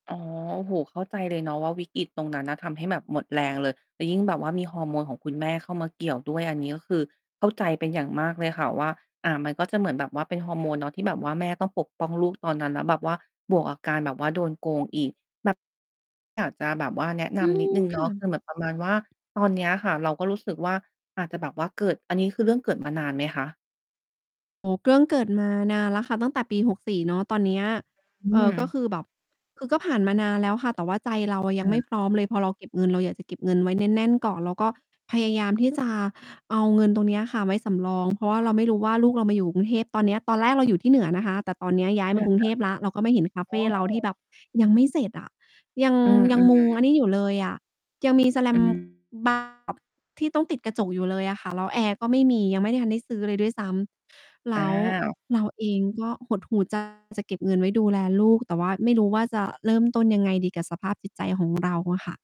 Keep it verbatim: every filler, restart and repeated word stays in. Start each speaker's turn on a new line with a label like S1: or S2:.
S1: อ๋อ โอ้โฮ เข้าใจเลยเนาะว่าวิกฤตตรงนั้นน่ะ ทำให้แบบหมดแรงเลย แล้วยิ่งแบบว่ามีฮอร์โมนของคุณแม่เข้ามาเกี่ยวด้วย อันนี้ก็คือเข้าใจเป็นอย่างมากเลยค่ะว่า อ่า มันก็จะเหมือนแบบว่าเป็น ฮอร์โมนเนาะ ที่แบบว่าแม่ต้องปกป้องลูกตอนนั้น แล้วแบบว่าบวกกับการแบบว่าโดนโกงอีก แบบ อยากจะแบบว่า แนะน
S2: อื
S1: ำนิดหน
S2: ม
S1: ึ่งเ
S2: ค
S1: นา
S2: ่
S1: ะ ค
S2: ะ
S1: ือเหมือนประมาณว่าตอนเนี้ยค่ะ เราก็รู้สึกว่าอาจจะแบบว่าเกิด อันนี้คือเรื่อง เกิดมานานไหมคะ?
S2: โอ้โฮ เกื้อง เกิดมานานแล้วค่ะ ตั้งแต่ปี หกสี่ เนาะ ตอนเนี้ย
S1: อื
S2: เอ่อ ก็
S1: ม
S2: คือแบบ คือก็ผ่านมานานแล้วค่ะ แต่ว่าใจเรา อะ
S1: ค
S2: ยัง
S1: ่
S2: ไม่
S1: ะ
S2: พร้อมเลย พอเราเก็บเงิน เราอยากจะเก็บเงินไว้ แน่น ๆ ก่อน แล้วก็พยายามที่ จะเอาเงินตรงเนี้ยค่ะไว้สำรอง เพราะว่าเราไม่รู้ว่าลูกเรามาอยู่กรุงเทพตอนเนี้ย ตอนแรก เราอยู่ที่เหนือนะคะ แต่ตอนย้
S1: อ
S2: ายม
S1: า
S2: ากรุ
S1: ค
S2: ง
S1: ่
S2: เทพแล้ว เราก็ไม่เห็น
S1: ะ
S2: คาเ
S1: อ
S2: ฟ
S1: ๋อ
S2: เราที่แบบยังไม่เสร็จอะ ยัง
S1: อือ
S2: ย
S1: อ
S2: ั
S1: ื
S2: งมุง
S1: อ
S2: อันนี้อยู่เลยอะ ยังมีสแล
S1: อ
S2: ม
S1: ืม
S2: บ้าง แบบที่ต้องติดกระจกอยู่เลยอะค่ะ แล้วแอร์ก็ไม่มี ยังไม่ทันได้ซื้อเลยด้วยซ้ำ แ
S1: อ
S2: ล
S1: ้า
S2: ้ว
S1: ว
S2: เราเองก็หดหู่ ใจ จะเก็บเงินไว้ดูแลลูก แต่ว่าไม่รู้ว่าจะเริ่มต้นยังไงดีกับสภาพจิตใจของ เราอะค่ะ